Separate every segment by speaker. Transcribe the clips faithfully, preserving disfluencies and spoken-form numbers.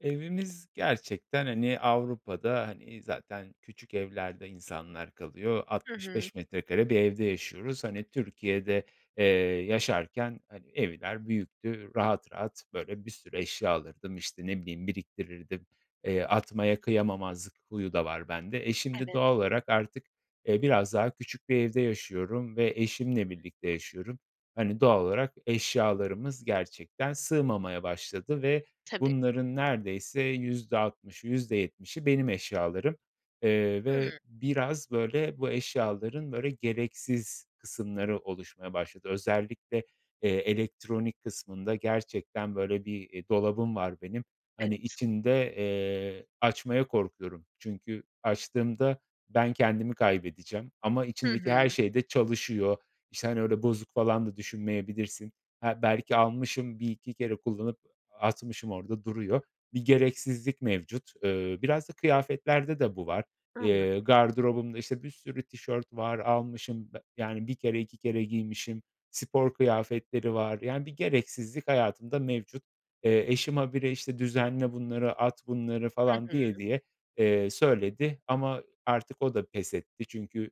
Speaker 1: Evimiz gerçekten, hani, Avrupa'da, hani, zaten küçük evlerde insanlar kalıyor.
Speaker 2: Hı
Speaker 1: altmış
Speaker 2: hı.
Speaker 1: beş metrekare bir evde yaşıyoruz. Hani, Türkiye'de, eee, yaşarken, hani, evler büyüktü. Rahat rahat, böyle, bir sürü eşya alırdım, işte, ne bileyim, biriktirirdim, eee, atmaya kıyamamazlık huyu da var bende. E, şimdi
Speaker 2: Evet.
Speaker 1: doğal olarak artık, e, biraz daha küçük bir evde yaşıyorum ve eşimle birlikte yaşıyorum. Hani, doğal olarak eşyalarımız gerçekten sığmamaya başladı ve
Speaker 2: Tabii.
Speaker 1: bunların neredeyse yüzde altmışı, yüzde yetmişi benim eşyalarım. Eee, ve
Speaker 2: Hımm.
Speaker 1: biraz, böyle, bu eşyaların, böyle, gereksiz kısımları oluşmaya başladı. Özellikle, eee, elektronik kısmında gerçekten, böyle, bir, iii, dolabım var benim, hani,
Speaker 2: Evet.
Speaker 1: içinde, eee, açmaya korkuyorum. Çünkü açtığımda ben kendimi kaybedeceğim ama
Speaker 2: Hı
Speaker 1: içindeki
Speaker 2: hı.
Speaker 1: her şey de çalışıyor. İşte, hani, öyle bozuk falan da düşünmeyebilirsin. Ha, belki almışım, bir iki kere kullanıp atmışım, orada duruyor. Bir gereksizlik mevcut. Eee, biraz da kıyafetlerde de bu var. Eee,
Speaker 2: Anladım.
Speaker 1: gardırobumda, işte, bir sürü tişört var. Almışım be yani, bir kere, iki kere giymişim. Spor kıyafetleri var, yani, bir gereksizlik hayatımda mevcut. Eee, eşim ha bire, işte, "Düzenle bunları, at bunları."
Speaker 2: Hı
Speaker 1: falan
Speaker 2: hı.
Speaker 1: diye diye, eee, söyledi. Ama artık o da pes etti çünkü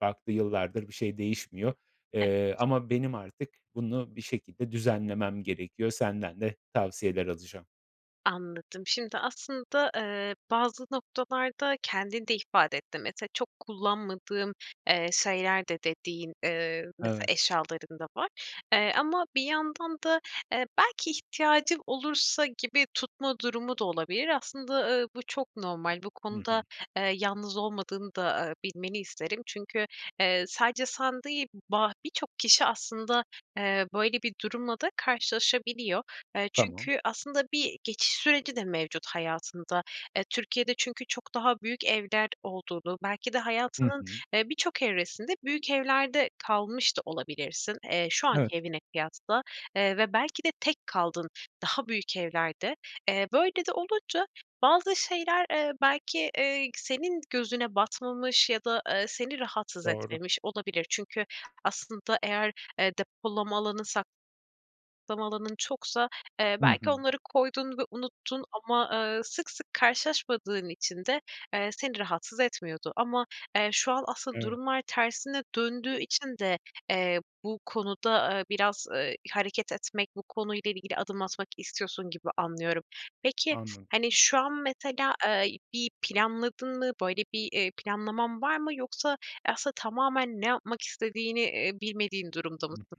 Speaker 1: baktı, yıllardır bir şey değişmiyor,
Speaker 2: Evet.
Speaker 1: eee, ama benim artık bunu bir şekilde düzenlemem gerekiyor. Senden de tavsiyeler alacağım.
Speaker 2: Anladım. Şimdi aslında, eee, bazı noktalarda kendin de ifade ettin. Mesela çok kullanmadığın, eee, şeyler de dediğin, eee, mesela
Speaker 1: Evet.
Speaker 2: eşyaların da var. Eee, ama bir yandan da, eee, belki ihtiyacım olursa gibi tutma durumu da olabilir. Aslında, ııı, bu çok normal. Bu
Speaker 1: Hı
Speaker 2: konuda,
Speaker 1: hı.
Speaker 2: eee, yalnız olmadığını da, eee, bilmeni isterim. Çünkü, eee, sadece san değil ba birçok kişi aslında, eee, böyle, bir durumla da karşılaşabiliyor. Eee,
Speaker 1: Tamam.
Speaker 2: çünkü aslında bir geçiş süreci de mevcut hayatında. Eee, Türkiye'de çünkü çok daha büyük evler olduğunu, belki de
Speaker 1: Hı
Speaker 2: hayatının,
Speaker 1: hı.
Speaker 2: eee, birçok evresinde büyük evlerde kalmış da olabilirsin, eee, şu
Speaker 1: Evet.
Speaker 2: anki evine kıyasla, eee, ve belki de tek kaldın daha büyük evlerde. Eee, böyle de olunca bazı şeyler, eee, belki, eee, ik senin gözüne batmamış ya da, eee, seni rahatsız
Speaker 1: Doğru.
Speaker 2: etmemiş olabilir. Çünkü aslında eğer, eee, depolama alanı, sak lama alanın çoksa, eee,
Speaker 1: Hı
Speaker 2: belki
Speaker 1: hı.
Speaker 2: onları koydun ve unuttun ama, eee, sık sık karşılaşmadığın için de, eee, seni rahatsız etmiyordu. Ama, eee, şu an asıl
Speaker 1: Evet.
Speaker 2: durumlar tersine döndüğü için de, eee, bu konuda, eee, biraz, eee, hareket etmek, bu konuyla ilgili adım atmak istiyorsun gibi anlıyorum. Peki,
Speaker 1: Anladım.
Speaker 2: hani, şu an, mesela, eee, bir planladın mı? Böyle bir, eee, planlaman var mı? Yoksa aslında tamamen ne yapmak istediğini, eee, bilmediğin durumda
Speaker 1: Hı hı.
Speaker 2: mısın?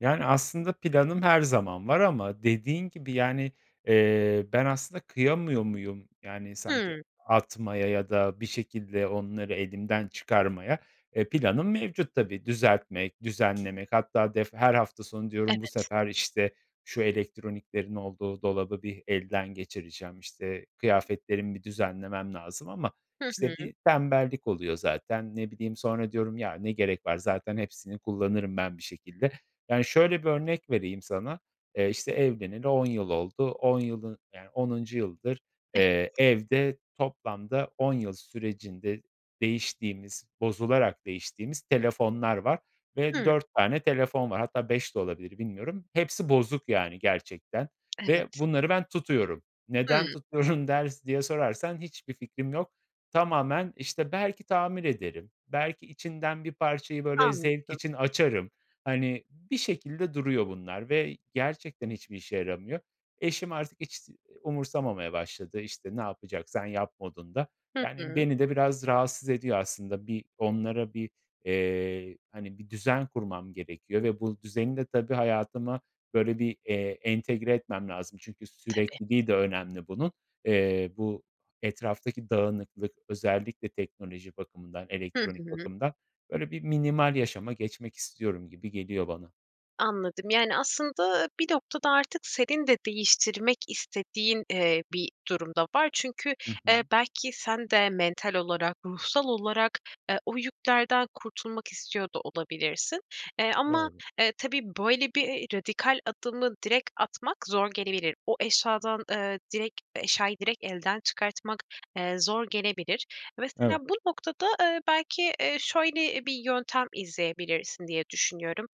Speaker 1: Yani, aslında planım her zaman var ama dediğin gibi, yani, eee, ben aslında kıyamıyor muyum? Yani, sanki
Speaker 2: Hımm.
Speaker 1: atmaya ya da bir şekilde onları elimden çıkarmaya. E, planım mevcut tabii. Düzeltmek, düzenlemek hatta def her hafta sonu diyorum: "Bu
Speaker 2: Evet.
Speaker 1: sefer, işte, şu elektroniklerin olduğu dolabı bir elden geçireceğim, işte, kıyafetlerimi bir düzenlemem lazım." Ama,
Speaker 2: Hı
Speaker 1: işte,
Speaker 2: hı.
Speaker 1: bir tembellik oluyor zaten. Ne bileyim, sonra diyorum: "Ya, ne gerek var. Zaten hepsini kullanırım ben bir şekilde." Yani, şöyle bir örnek vereyim sana, eee, işte, evleneli on yıl oldu. on yılı, yani, onuncu yıldır,
Speaker 2: Evet.
Speaker 1: eee, evde toplamda on yıl sürecinde değiştiğimiz, bozularak değiştiğimiz telefonlar var ve
Speaker 2: Hıı.
Speaker 1: dört tane telefon var. Hatta, beş de olabilir bilmiyorum. Hepsi bozuk, yani, gerçekten ve
Speaker 2: Evet.
Speaker 1: bunları ben tutuyorum. Neden
Speaker 2: Hımm.
Speaker 1: tutuyorum der diye sorarsan, hiçbir fikrim yok. Tamamen, işte, belki tamir ederim, belki içinden bir parçayı, böyle, zevk
Speaker 2: Anladım.
Speaker 1: için açarım. Hani, bir şekilde duruyor bunlar ve gerçekten hiçbir işe yaramıyor. Eşim artık hiç s umursamamaya başladı. İşte, "Ne yapacaksan yap" modunda.
Speaker 2: Hı
Speaker 1: Yani,
Speaker 2: hı.
Speaker 1: beni de biraz rahatsız ediyor aslında. Bir onlara bir, eee, hani, bir düzen kurmam gerekiyor ve bu düzeni de tabii hayatıma, böyle, bir, eee, entegre etmem lazım çünkü
Speaker 2: Tabii.
Speaker 1: sürekliliği de önemli bunun. Eee, bu etraftaki dağınıklık, özellikle teknoloji bakımından,
Speaker 2: Hı
Speaker 1: elektronik
Speaker 2: hı.
Speaker 1: bakımından, böyle, bir minimal yaşama geçmek istiyorum gibi geliyor bana.
Speaker 2: Anladım. Yani, aslında, bir noktada artık senin de değiştirmek istediğin, eee, bir durum da var. Çünkü,
Speaker 1: Hı
Speaker 2: eee,
Speaker 1: hı.
Speaker 2: belki, sen de mental olarak, ruhsal olarak, eee, o yüklerden kurtulmak istiyor da olabilirsin. Eee, ama,
Speaker 1: Doğru.
Speaker 2: eee, tabii, böyle, bir, eee, radikal adımı direkt atmak zor gelebilir. O eşyadan, eee, direkt eşyayı direkt elden çıkartmak, eee, zor gelebilir. Mesela
Speaker 1: Evet.
Speaker 2: bu noktada, eee, belki, eee, şöyle bir yöntem izleyebilirsin diye düşünüyorum.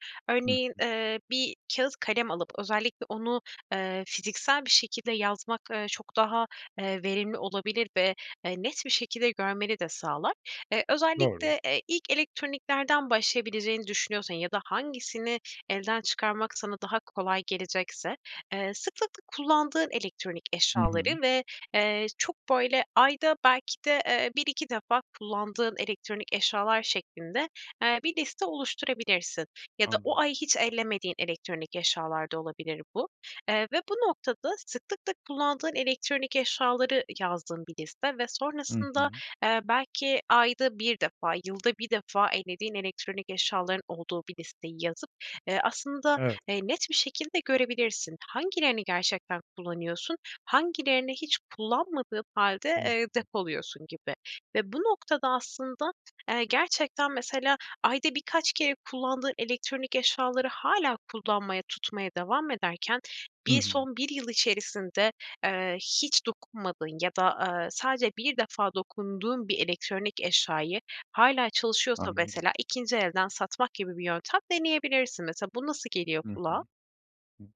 Speaker 1: Hı
Speaker 2: Örneğin,
Speaker 1: hı.
Speaker 2: eee, bir kâğıt kalem alıp özellikle onu, eee, fiziksel bir şekilde yazmak, eee, çok daha, eee, verimli olabilir ve, eee, net bir şekilde görmeni de sağlar. Eee,
Speaker 1: Doğru.
Speaker 2: özellikle, eee, ilk elektroniklerden başlayabileceğini düşünüyorsan ya da hangisini elden çıkarmak sana daha kolay gelecekse, eee, sıklıkla kullandığın elektronik
Speaker 1: Hı hı.
Speaker 2: eşyaları ve, eee, çok, böyle, ayda belki de, eee, bir iki defa kullandığın elektronik eşyalar şeklinde, eee, bir liste oluşturabilirsin. Ya da o
Speaker 1: Anladım.
Speaker 2: ay hiç ellemediğin elektronik eşyalar da olabilir bu. Eee, ve bu noktada sıklıkla kullandığın elektronik eşyaları yazdığın bir liste ve
Speaker 1: Hı
Speaker 2: sonrasında,
Speaker 1: hı.
Speaker 2: eee, belki ayda bir defa, yılda bir defa ellediğin elektronik eşyaların olduğu bir listeyi yazıp, eee, aslında,
Speaker 1: Evet.
Speaker 2: eee, net bir şekilde görebilirsin. "Hangilerini gerçekten kullanıyorsun, hangilerini hiç kullanmadığın hâlde,
Speaker 1: Hı
Speaker 2: eee,
Speaker 1: hı.
Speaker 2: depoluyorsun?" gibi. Ve bu noktada aslında, eee, gerçekten, mesela, ayda birkaç kere kullandığın elektronik eşyaları hâlâ kullanmaya, tutmaya devam ederken
Speaker 1: Hı
Speaker 2: bir
Speaker 1: hı.
Speaker 2: son bir yıl içerisinde, eee, hiç dokunmadığın ya da, aaa, sadece bir defa dokunduğun bir elektronik eşyayı, hâlâ çalışıyorsa
Speaker 1: Anladım.
Speaker 2: mesela ikinci elden satmak gibi bir yöntem deneyebilirsin. Mesela, bu nasıl geliyor
Speaker 1: Hı hı.
Speaker 2: kulağa?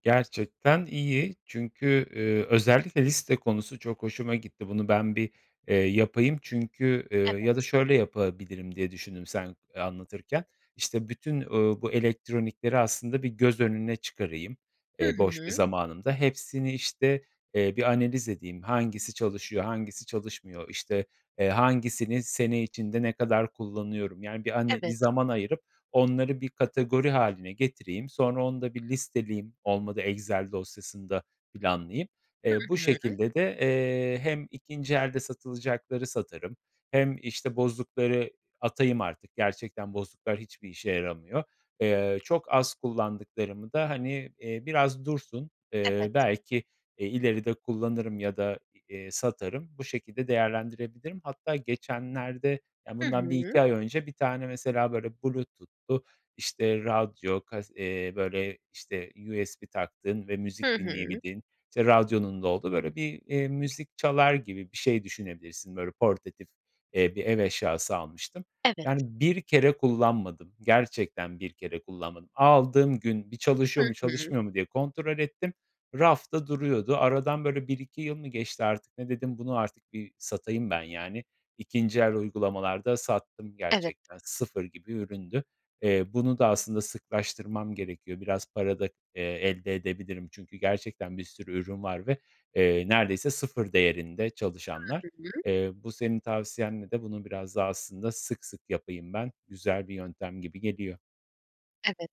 Speaker 1: Gerçekten iyi, çünkü, eee, özellikle liste konusu çok hoşuma gitti. Bunu ben bir, eee, yapayım çünkü, eee, ya da
Speaker 2: Evet.
Speaker 1: şöyle yapabilirim diye düşündüm sen, eee, anlatırken: İşte, bütün, ooo, bu elektronikleri aslında bir göz önüne çıkarayım,
Speaker 2: Hı
Speaker 1: eee, boş bir
Speaker 2: hı.
Speaker 1: zamanımda. Hepsini, işte, eee, bir analiz edeyim: Hangisi çalışıyor, hangisi çalışmıyor? İşte, eee, hangisini sene içinde ne kadar kullanıyorum, yani, bir ane bir
Speaker 2: Evet.
Speaker 1: zaman ayırıp onları bir kategori hâline getireyim. Sonra onu da bir listeleyeyim, olmadı Excel dosyasın da planlayayım.
Speaker 2: Hı
Speaker 1: Eee, bu
Speaker 2: hı.
Speaker 1: şekilde de, eee, hem ikinci elde satılacakları satarım. Hem, işte, bozukları atayım artık. Gerçekten bozuklar hiçbir işe yaramıyor. Eee, çok az kullandıklarımı da, hani, eee, biraz dursun,
Speaker 2: Evet.
Speaker 1: eee, belki, eee, ileride kullanırım ya da, eee, satarım. Bu şekilde değerlendirebilirim. Hatta geçenlerde, ya,
Speaker 2: Hı
Speaker 1: bundan bir
Speaker 2: hı.
Speaker 1: iki ay önce bir tane mesela, böyle, Bluetooth'lu, işte, radyo, kas eee, böyle, işte, USB taktığın ve
Speaker 2: Hı
Speaker 1: müzik
Speaker 2: hı.
Speaker 1: dinleyebildiğin, işte, radyonun da olduğu, böyle, bir, eee, müzik çalar gibi bir şey düşünebilirsin, böyle, portatif, eee, bir ev eşyası almıştım. Yani,
Speaker 2: Evet.
Speaker 1: bir kere kullanmadım, gerçekten bir kere kullanmadım. Aldığım gün bir
Speaker 2: Hı
Speaker 1: çalışıyor mu,
Speaker 2: hı.
Speaker 1: çalışmıyor mu diye kontrol ettim. Rafta duruyordu. Aradan, böyle, bir iki yıl mı geçti artık, ne dedim, bunu artık bir satayım ben, yani, ikinci el uygulamalar da sattım
Speaker 2: Evet.
Speaker 1: gerçekten, sıfır gibi üründü. Eee, bunu da aslında sıklaştırmam gerekiyor. Biraz para da, eee, elde edebilirim çünkü gerçekten bir sürü ürün var ve, eee, neredeyse sıfır değerinde, çalışanlar.
Speaker 2: [unintelligible]
Speaker 1: Eee, bu senin tavsiyenle de bunu biraz daha aslında sık sık yapayım ben, güzel bir yöntem gibi geliyor.
Speaker 2: Evet.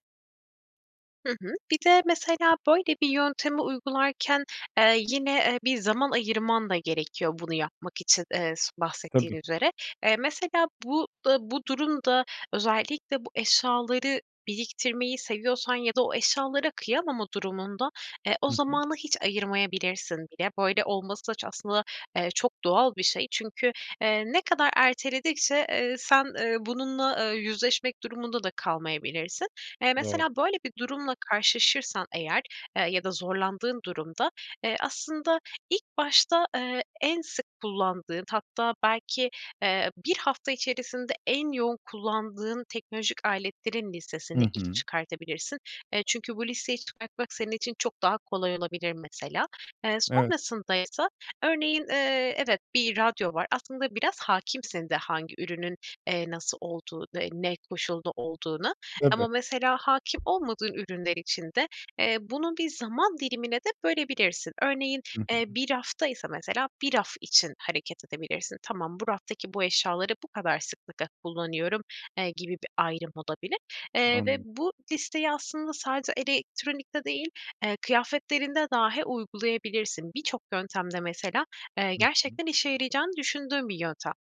Speaker 2: Hı hı. Bir de, mesela böyle bir yöntemi uygularken, eee, yine, eee, bir zaman ayırman da gerekiyor bunu yapmak için, eee, s bahsettiğin
Speaker 1: Tabii.
Speaker 2: üzere. Eee, mesela bu, eee, bu durum da özellikle bu eşyaları biriktirmeyi seviyorsan ya da o eşyalara kıyamama durumunda, eee, o
Speaker 1: Hı hı.
Speaker 2: zamanı hiç ayırmayabilirsin bile. Böyle olması ça aslında, eee, çok doğal bir şey. Çünkü, eee, ne kadar erteledikçe, eee, sen, eee, bununla, eee, yüzleşmek durumunda da kalmayabilirsin. Eee,
Speaker 1: Doğru.
Speaker 2: mesela böyle bir durumla karşılaşırsan eğer, eee, ya da zorlandığın durumda, eee, aslında ilk başta, eee, en sık kullandığın, hatta belki, eee, bir hafta içerisinde en yoğun kullandığın teknolojik aletlerin listesini
Speaker 1: Hı
Speaker 2: ilk
Speaker 1: hı.
Speaker 2: çıkartabilirsin. Eee, çünkü bu listeyi çıkartmak senin için çok daha kolay olabilir mesela. Eee,
Speaker 1: Evet.
Speaker 2: sonrasındaysa, örneğin, eee, evet, bir radyo var. Aslında biraz hâkimsin de hangi ürünün, eee, nasıl olduğu, eee, ne koşulda olduğuna. Ama
Speaker 1: Tabii.
Speaker 2: mesela hâkim olmadığın ürünler için de, eee, bunu bir zaman dilimine de bölebilirsin. Örneğin,
Speaker 1: Hı hı.
Speaker 2: eee, bir rafta ise mesela, bir raf için hareket edebilirsin, “Tamam, bu raftaki bu eşyaları bu kadar sıklıkla kullanıyorum.” eee, gibi bir ayrım olabilir. Eee, ve
Speaker 1: Anladım.
Speaker 2: bu listeyi aslında sadece elektronikte değil, eee, kıyafetlerinde dahi uygulayabilirsin. Birçok yöntemde mesela, eee,
Speaker 1: Hı hı.
Speaker 2: gerçekten işe yarayacağını düşündüğüm bir yöntem.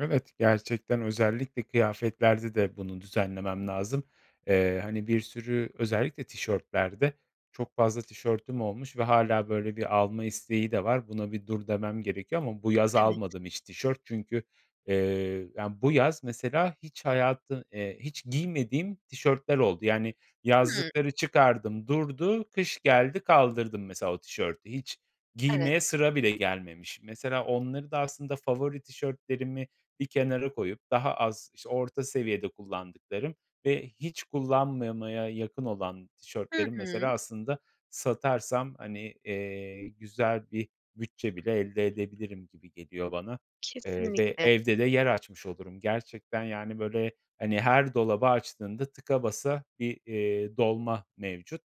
Speaker 1: Evet, gerçekten özellikle kıyafetlerde de bunu düzenlemem lazım. Eee, hani, bir sürü özellikle tişörtlerde çok fazla tişörtüm olmuş ve hâlâ, böyle, bir alma isteği de var. Buna bir dur demem gerekiyor. Ama bu yaz
Speaker 2: Evet.
Speaker 1: almadım hiç tişört. Çünkü, eee, yani, bu yaz mesela hiç hayatı eee, hiç giymediğim tişörtler oldu. Yani,
Speaker 2: Hımm.
Speaker 1: yazlıkları çıkardım, durdu, kış geldi, kaldırdım, mesela, o tişörtü. Hiç
Speaker 2: Evet.
Speaker 1: giymeye sıra bile gelmemiş. Mesela onları da aslında favori tişörtlerimi bir kenara koyup daha az, işte, orta seviyede kullandıklarım ve hiç kullanmamaya yakın olan
Speaker 2: Hı
Speaker 1: tişörtlerim
Speaker 2: hı.
Speaker 1: mesela, aslında, satarsam, hani, eee, güzel bir bütçe bile elde edebilirim gibi geliyor bana. Eee, ve
Speaker 2: Kesinlikle.
Speaker 1: evde de yer açmış olurum. Gerçekten, yani, böyle, hani, her dolabı açtığında tıka basa bir, eee, dolma mevcut.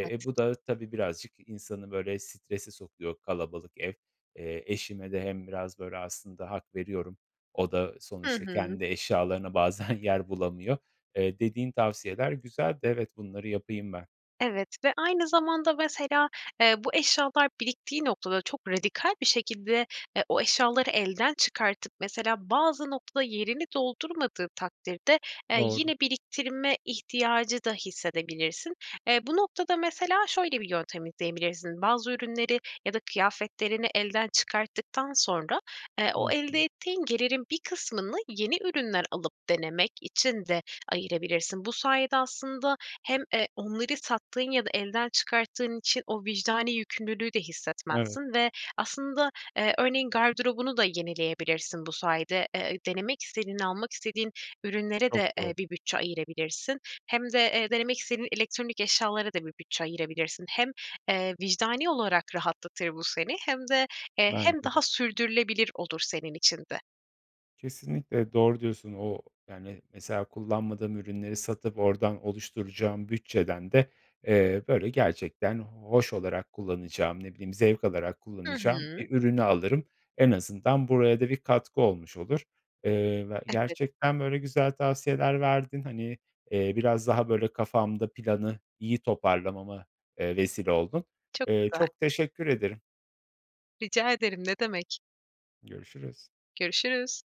Speaker 2: Evet.
Speaker 1: e, bu da tabii birazcık insanı, böyle, strese sokuyor kalabalık ev. Eee, eşime de hem biraz, böyle, aslında hak veriyorum. O da
Speaker 2: Hı
Speaker 1: sonuçta
Speaker 2: hı.
Speaker 1: kendi eşyalarına bazen yer bulamıyor. Eee, dediğin tavsiyeler güzeldi. Evet, bunları yapayım ben.
Speaker 2: Evet ve aynı zamanda, mesela, eee, bu eşyalar biriktiği noktada çok radikal bir şekilde, eee, o eşyaları elden çıkartıp, mesela, bazı noktada yerini doldurmadığı takdirde, eee,
Speaker 1: Doğru.
Speaker 2: yine biriktirme ihtiyacı da hissedebilirsin. Eee, bu noktada mesela şöyle bir yöntem izleyebilirsin. Bazı ürünleri ya da kıyafetlerini elden çıkarttıktan sonra, eee,
Speaker 1: Hı
Speaker 2: o elde
Speaker 1: hı.
Speaker 2: ettiğin gelirin bir kısmını yeni ürünler alıp denemek için de ayırabilirsin. Bu sayede aslında hem, eee, onları sattığın ya da elden çıkarttığın için o vicdani yükümlülüğü de
Speaker 1: Evet.
Speaker 2: hissetmezsin ve aslında, eee, örneğin gardırobunu da yenileyebilirsin bu sayede. Eee, denemek istediğin, almak istediğin ürünlere
Speaker 1: Çok
Speaker 2: de, eee,
Speaker 1: doğru.
Speaker 2: bir bütçe ayırabilirsin. Hem de, eee, denemek istediğin elektronik eşyalara da bir bütçe ayırabilirsin. Hem, eee, vicdani olarak rahatlatır bu seni hem de, eee, hem
Speaker 1: Bence de.
Speaker 2: daha sürdürülebilir olur senin için de.
Speaker 1: Kesinlikle. Doğru diyorsun. O, yani, mesela, kullanmadığım ürünleri satıp oradan oluşturacağım bütçeden de, eee, böyle, gerçekten hoş olarak kullanacağım, ne bileyim, zevk alarak
Speaker 2: Hı
Speaker 1: kullanacağım
Speaker 2: hı.
Speaker 1: bir ürünü alırım. En azından buraya da bir katkı olmuş olur. Eee, ve
Speaker 2: Evet.
Speaker 1: gerçekten, böyle, güzel tavsiyeler verdin. Hani, eee, biraz daha, böyle, kafamda planı iyi toparlamama, eee, vesile oldun.
Speaker 2: Çok
Speaker 1: Eee,
Speaker 2: güzel.
Speaker 1: çok teşekkür ederim.
Speaker 2: Rica ederim, ne demek.
Speaker 1: Görüşürüz.
Speaker 2: Görüşürüz.